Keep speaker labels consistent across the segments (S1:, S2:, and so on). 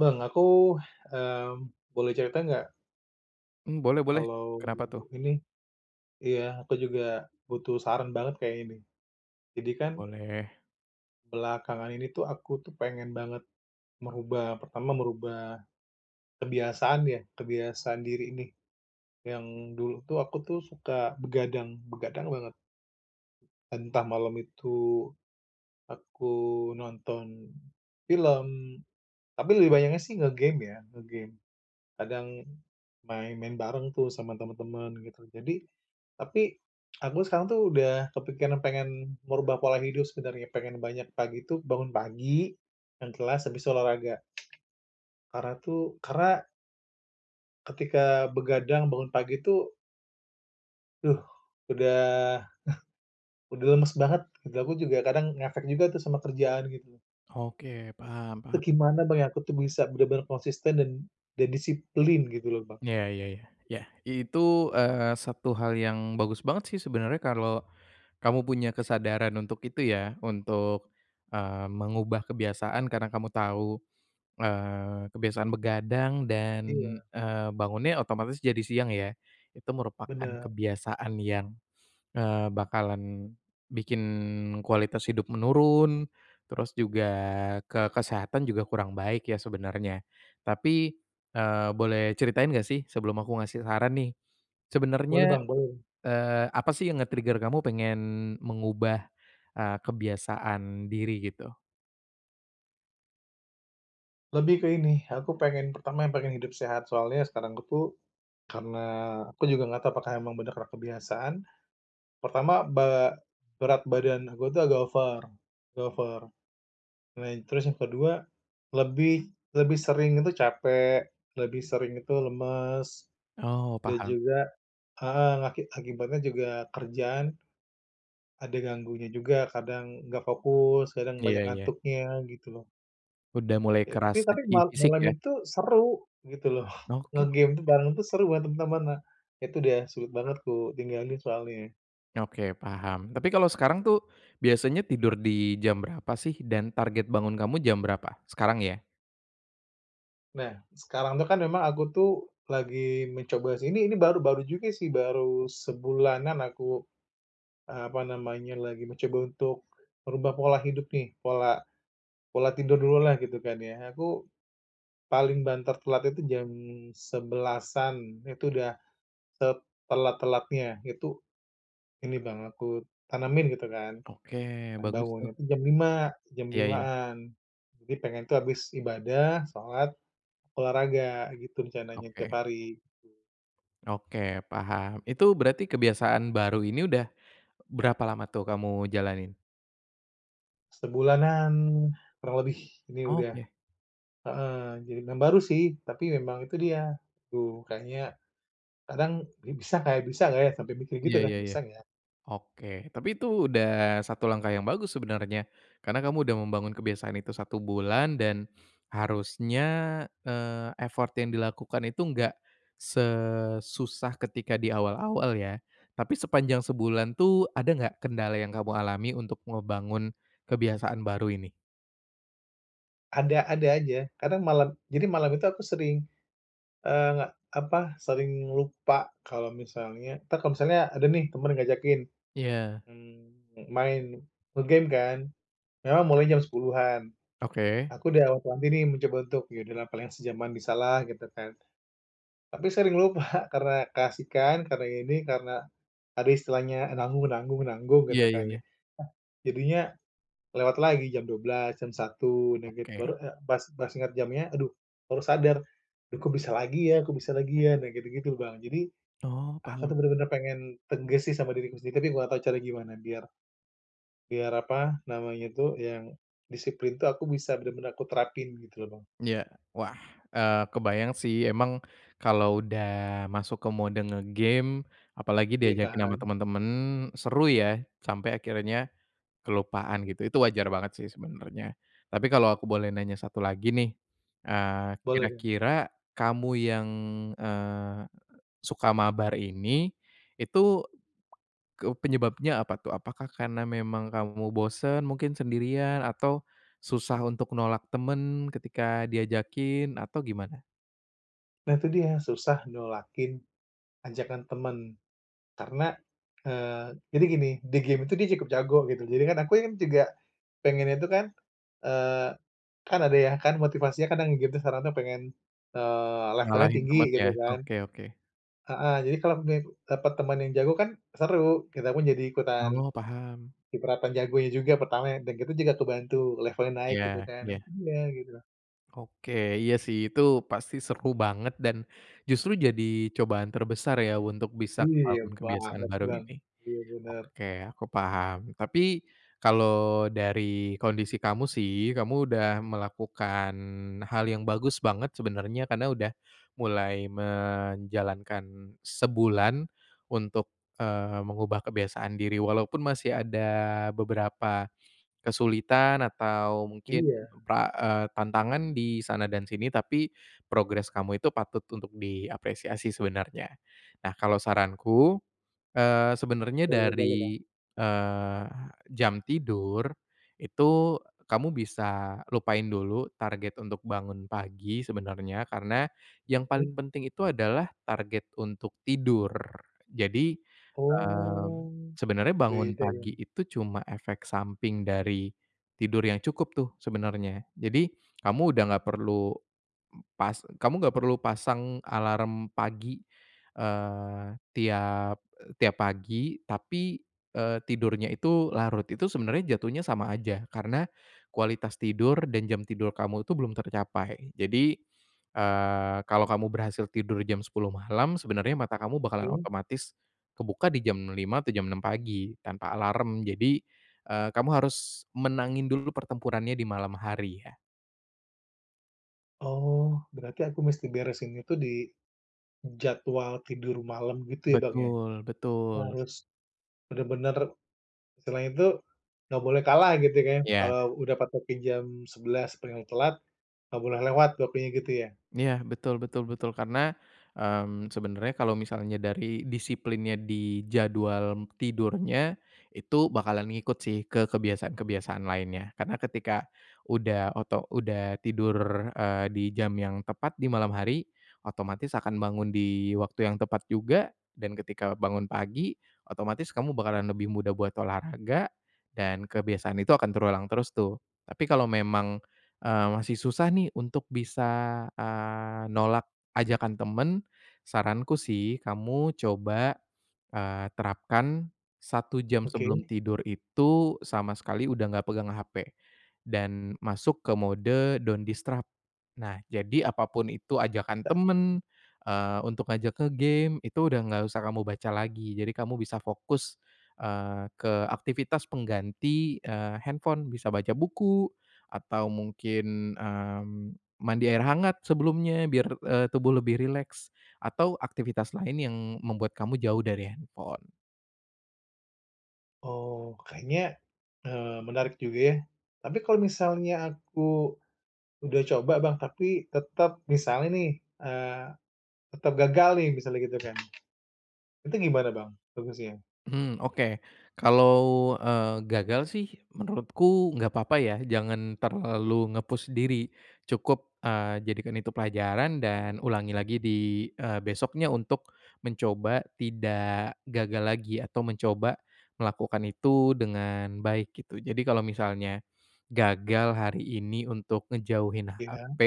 S1: Bang, aku, mmm, boleh cerita enggak?
S2: Mmm, boleh boleh.
S1: Kalau
S2: Kenapa tuh?
S1: ini iya, aku juga butuh saran banget kayaknya nih. Jadi kan
S2: Boleh.
S1: belakangan ini tuh aku tuh pengen banget merubah pertama merubah kebiasaan ya, kebiasaan diri ini yang dulu tuh aku tuh suka begadang begadang banget. Entah malam itu aku nonton film, tapi lebih banyaknya sih nge-game ya, nge-game. Kadang main main bareng tuh sama temen-temen gitu. Jadi tapi aku sekarang tuh udah kepikiran pengen merubah pola hidup sebenarnya, pengen banyak pagi itu bangun pagi yang jelas, habis olahraga. Karena tuh karena ketika begadang bangun pagi tuh duh, udah udah lemes banget gitu, aku juga kadang ngefek juga tuh sama kerjaan gitu.
S2: Oke, paham
S1: Itu
S2: paham.
S1: gimana, Bang, ya, aku tuh bisa benar-benar konsisten dan dan disiplin gitu loh, Bang.
S2: Iya iya iya. Iya itu, eee, satu hal yang bagus banget sih sebenernya kalau kamu punya kesadaran untuk itu ya. Untuk, eee, mengubah kebiasaan karena kamu tahu, eee, kebiasaan begadang dan,
S1: Iya.
S2: eee, bangunnya otomatis jadi siang ya. Itu merupakan
S1: Benar.
S2: kebiasaan yang, eee, bakalan bikin kualitas hidup menurun terus juga ke kesehatan juga kurang baik ya sebenarnya. Tapi, eee, boleh ceritain enggak sih sebelum aku ngasih saran nih.
S1: Boleh,
S2: Sebenernya,
S1: Bang, boleh.
S2: eee, apa sih yang nge-trigger kamu pengen mengubah, eee, kebiasaan diri gitu?
S1: Lebih ke ini, aku pengen, pertama yang pengen hidup sehat, soalnya sekarang aku tuh, karena aku juga enggak tau apakah emang bener karena kebiasaan. Pertama be berat badan aku tuh agak over agak over. Nah, terus yang kedua lebih lebih sering itu capek, lebih sering itu lemes.
S2: Oh,
S1: Dan
S2: paham.
S1: juga heeh, aki akibatnya juga kerjaan, ada ganggunya juga. Kadang enggak fokus, kadang banyak
S2: Iya iya.
S1: ngantuknya, gitu loh.
S2: Udah mulai
S1: Ya, tapi
S2: kerasa
S1: tapi
S2: di
S1: mal
S2: fisik
S1: malam
S2: ya.
S1: itu seru, gitu loh.
S2: Oke
S1: Nge-game tuh,
S2: oke.
S1: bareng tuh seru banger teman-teman, nah. Itu, udah sulit banget kutinggalin soalnya, ya.
S2: Oke paham. Tapi, kalau sekarang tuh biasanya tidur di jam berapa sih dan target bangun kamu jam berapa? Sekarang ya.
S1: Nah, sekarang itu kan memang aku tuh, lagi mencoba sih ini ini baru-baru juga sih, baru sebulanan aku, eee, apa namanya lagi mencoba untuk, merubah pola hidup nih. Pola pola tidur dulu lah gitu kan, ya. Aku, paling banter telat itu jam 11.00-an, itu udah setelat-telatnya, itu ini Bang, aku tanamin gitu kan.
S2: Oke,
S1: Dan
S2: bagus
S1: bangunnya
S2: tuh.
S1: tuh jam lima jam
S2: Iya iya.
S1: limaan. Jadi, pengen tuh habis ibadah, sholat, olahraga, gitu rencananya tiap
S2: Oke.
S1: hari.
S2: Oke, paham. Itu berarti kebiasaan baru ini udah berapa lama tuh kamu jalanin?
S1: Sebulanan kurang lebih ini udah
S2: Oke.
S1: heeh. Jadi mem baru sih, tapi memang itu dia tuh kayaknya kadang, "Ini bisa nggak ya bisa nggak ya?" Sampe mikir gitu
S2: Iya
S1: kan,
S2: iya iya.
S1: "Bisa nggak ya?"
S2: Oke. Tapi itu udah satu langkah yang bagus sebenarnya karena kamu udah membangun kebiasaan itu 1 bulan dan harusnya, eee, effort yang dilakukan itu enggak sesusah ketika di awal-awal ya. Tapi sepanjang sebulan tuh ada nggak kendala yang kamu alami untuk ngebangun kebiasaan baru ini?
S1: Ada ada aja. Kadang malam jadi malam itu aku sering, eee, apa, sering lupa kalau misalnya entar kalau misalnya ada nih temen yang ngajakin.
S2: Iya.
S1: Mmm, main nge-game kan memang mulai jam 10.00-an.
S2: Oke.
S1: Aku udah wanti nih mencoba untuk, "Ya udah paling sejaman bisalah," gitu kan. Tapi sering lupa karena keasikan, karena ini, karena ada istilahnya, "nanggung nanggung nanggung," gitu
S2: Iya iya
S1: kan ya.
S2: iya.
S1: Jadinya lewat lagi jam 12.00, jam 1.00, nah gitu.
S2: Oke.
S1: Baru, eee, pas pas ingat jamnya aduh baru sadar. "Duh kok bisa lagi ya kok bisa lagi ya?" Nah, gitu-gitu, Bang. Jadi
S2: Oh,
S1: aku tuh
S2: paham.
S1: bener-bener pengen tegas sih sama diriku sendiri, tapi aku nggak tau caranya gimana biar biar apa namanya tuh yang disiplin itu aku bisa benar-benar aku terapin gitu loh, Bang.
S2: Iya. Wah, eee, kebayang sih emang kalau udah masuk ke mode nge-game apalagi
S1: Iya
S2: diajakin sama
S1: kan.
S2: temen-temen seru ya, sampai akhirnya kelupaan gitu. Itu wajar banget sih sebenarnya. Tapi kalau aku boleh nanya satu lagi nih, eee,
S1: Boleh, Bang.
S2: kira-kira kamu yang, eee, suka mabar ini, itu ke penyebabnya apa tuh? Apakah karena memang kamu bosen mungkin sendirian atau susah untuk nolak temen ketika diajakin atau gimana?
S1: Nah, itu dia, susah nolakin ajakan temen, karena, eee, jadi gini di game itu dia cukup jago gitu. Jadi, kan aku juga pengennya itu kan, eee, kan ada ya, kan motivasinya kan yang nge-game sekarang pengen, eee, levelnya
S2: Ngalahin
S1: tinggi
S2: temen ya?
S1: gitu kan.
S2: Oke oke.
S1: Heeh, jadi kalau ni dapat teman yang jago kan, seru. Kita pun jadi ikutan
S2: Oh, paham.
S1: kecipratan jagonya juga pertama ya, dan kita juga kebantu levelnya naik gitu
S2: Iya
S1: kan nih,
S2: iya.
S1: iya, gitu.
S2: Oke. Iya sih, itu pasti seru banget dan justru jadi cobaan terbesar ya, untuk bisa
S1: Iya
S2: bangun kebiasaan
S1: banget,
S2: baru
S1: Bang,
S2: ini.
S1: iya, bener.
S2: Oke, aku paham. Tapi, kalau dari kondisi kamu sih, kamu udah melakukan hal yang bagus banget sebenernya karena udah mulai menjalankan sebulan untuk, eee, mengubah kebiasaan diri, walaupun masih ada beberapa kesulitan atau mungkin
S1: Iya.
S2: ke eee, tantangan di sana dan sini, tapi progres kamu itu patut untuk diapresiasi sebenarnya. Nah, kalau saranku, eee, sebenernya
S1: Boleh boleh, Bang.
S2: dari, eee, jam tidur, itu kamu bisa lupain dulu, target untuk bangun pagi sebenarnya, karena yang
S1: Mhm.
S2: paling penting itu adalah target untuk tidur. Jadi, eee,
S1: Oh,
S2: sebenernya bangun
S1: beda
S2: pagi
S1: ya.
S2: itu cuma efek samping dari tidur yang cukup tuh, sebenernya. Jadi, kamu udah enggak perlu pas kamu enggak perlu pasang alarm pagi, eee, tiap tiap pagi, tapi, eee, tidurnya itu larut. Itu, sebenernya jatuhnya sama aja, karena kualitas tidur dan jam tidur kamu itu belum tercapai. Jadi, eee, kalau kamu berhasil tidur jam 10.00 malam, sebenernya mata kamu bakalan
S1: Oke.
S2: otomatis kebuka di jam 5.00 atau jam 6.00 pagi tanpa alarm. Jadi, eee, kamu harus menangin dulu pertempurannya di malam hari ya.
S1: Oh, berarti aku mesti beresin itu di jadwal tidur malam gitu ya, Bang, ya?
S2: Betul
S1: Kita
S2: betul.
S1: harus benar-benar istilahnya tuh, enggak boleh kalah gitu kan.
S2: Iya.
S1: Kalau udah patokin jam 11:00 paling telat, enggak boleh lewat waktunya gitu ya?
S2: Iya, betul betul betul. Karena, mmm, sebenernya kalau misalnya dari disiplinnya di jadwal m tidurnya, itu bakalan ngikut sih ke kebiasaan-kebiasaan lainnya. Karena ketika udah oto udah tidur, eee, di jam yang tepat di malam hari, otomatis akan bangun di waktu yang tepat juga. Dan ketika bangun pagi, otomatis kamu bakalan lebih mudah buat olahraga dan kebiasaan itu akan terulang terus tuh. Tapi kalau memang, eee, masih susah nih untuk bisa, eee, nolak ajakan temen. Saranku sih, kamu coba, eee, terapkan 1 jam sebelum
S1: Oke.
S2: tidur itu sama sekali udah enggak pegang HP dan masuk ke mode don't disturb. Nah, jadi apapun itu ajakan
S1: Ya.
S2: temen,
S1: Mhm.
S2: eee, untuk ngajak ke game itu udah enggak usah kamu baca lagi. Jadi kamu bisa fokus, eee, ke aktivitas pengganti, eee, handphone, bisa baca buku atau mungkin, mmm, mandi air hangat sebelumnya biar, eee, tubuh lebih rileks atau aktivitas lain yang membuat kamu jauh dari handphone.
S1: Oh, kayaknya, eee, menarik juga ya. Tapi kalau misalnya aku, udah coba Bang, tapi tetap, misalnya nih, eee, tetap gagal nih, misalnya gitu kan. Itu gimana Bang, bagusnya?
S2: Mhm, oke. Kalau, eee, gagal sih menurutku enggak apa-apa ya, jangan terlalu nge-push diri, cukup, eee, jadikan itu pelajaran dan ulangi lagi di, eee, besoknya untuk mencoba tidak gagal lagi, atau mencoba melakukan itu dengan baik, gitu. Jadi kalau misalnya, gagal hari ini untuk ngejauhin
S1: Iya.
S2: HP,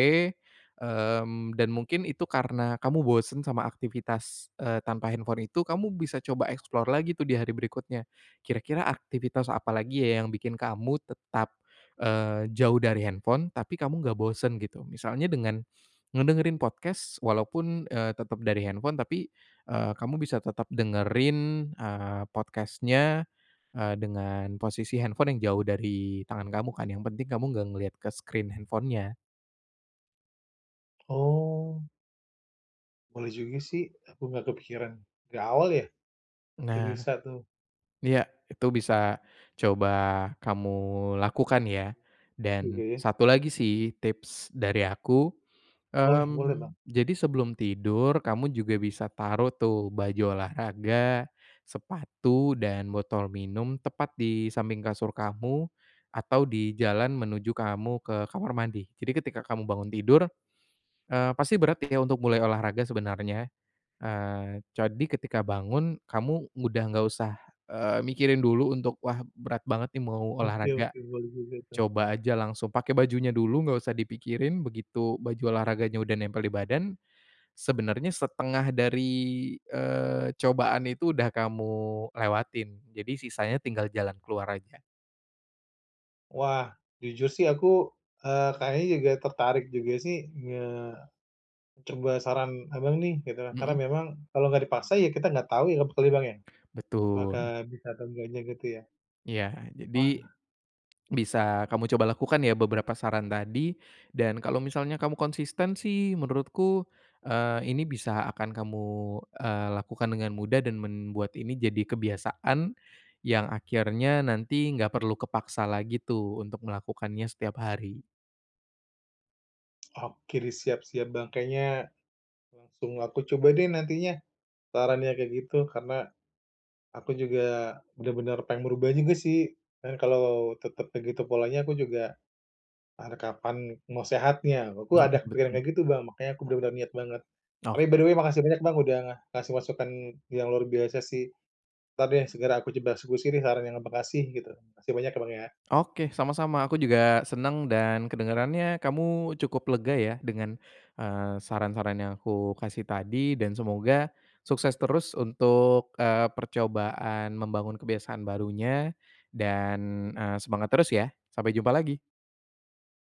S2: mmm, dan mungkin itu karena kamu bosen sama aktivitas, eee, tanpa handphone itu, kamu bisa coba explore lagi tuh di hari berikutnya. Kira-kira aktivitas apa lagi ya, yang bikin kamu tetap, eee, jauh dari handphone tapi kamu enggak bosen, gitu. Misalnya dengan ngedengerin podcast, walaupun, eee, tetap dari handphone, tapi, eee, kamu bisa tetap dengerin, eee, podcast-nya, eee, dengan posisi handphone yang jauh dari tangan kamu kan, yang penting kamu enggak ngelihat ke screen handphone-nya.
S1: Oh. Boleh juga sih, aku enggak kepikiran. Dari awal ya? Itu
S2: Nah.
S1: bisa tuh.
S2: Iya, itu bisa coba kamu lakukan ya. Dan,
S1: Oke.
S2: satu lagi sih tips dari aku,
S1: Boleh boleh Bang.
S2: mmm, jadi sebelum tidur, kamu juga bisa taruh tuh baju olahraga, sepatu, dan botol minum, tepat di samping kasur kamu, atau di jalan menuju kamu, ke kamar mandi. Jadi ketika kamu bangun tidur, eee pasti berat ya untuk mulai olahraga sebenarnya, eee, jadi ketika bangun kamu udah enggak usah, eee, mikirin dulu untuk, "Wah, berat banget nih mau
S1: Oke
S2: olahraga,"
S1: oke, boleh juga itu.
S2: coba aja langsung pakai bajunya dulu, enggak usah dipikirin, begitu baju olahraganya udah nempel di badan, sebenarnya setengah dari, eee, cobaan itu udah kamu lewatin. Jadi, sisanya tinggal jalan keluar aja.
S1: Wah, jujur sih aku, eee, kayaknya juga tertarik juga sih nge coba saran Abang nih gitu loh. Karena
S2: Mhm.
S1: memang kalau enggak dipaksa ya, kita enggak tahu ya, pokoknya Bang, ya, apakah
S2: Betul.
S1: bisa atau enggaknya, gitu ya?
S2: Iya. Jadi,
S1: Wah.
S2: bisa kamu coba lakukan ya, beberapa saran tadi, dan kalau misalnya kamu konsisten sih, menurutku, eee, ini bisa akan kamu, eee, lakukan dengan mudah dan membuat ini jadi kebiasaan, yang akhirnya nanti enggak perlu kepaksa lagi tuh, untuk melakukannya setiap hari.
S1: Oke deh, siap siap Bang, kayaknya, langsung aku coba deh nantinya, sarannya, kayak gitu. Karena, aku juga benar-benar pengen berubah juga sih, kan kalau tetap begitu polanya aku juga, pan kapan mau sehatnya, aku
S2: Iya,
S1: ada kepikiran
S2: betul.
S1: kayak gitu Bang, makannya aku benar-benar niat banget. Tapi, by
S2: Oke.
S1: the way, makasih banyak Bang udah ngasih masukan yang luar biasa sih. Entar deh segera aku coba eksekusi nih saran yang Abang kasih, gitu. Makasih banyak ya, Bang, ya.
S2: Oke, sama-sama. Aku juga senang, dan kedengarannya kamu cukup lega ya, dengan, eee, saran-saran yang aku kasih tadi, dan semoga sukses terus untuk, eee, percobaan membangun kebiasaan barunya, dan, eee, semangat terus ya. Sampai jumpa lagi.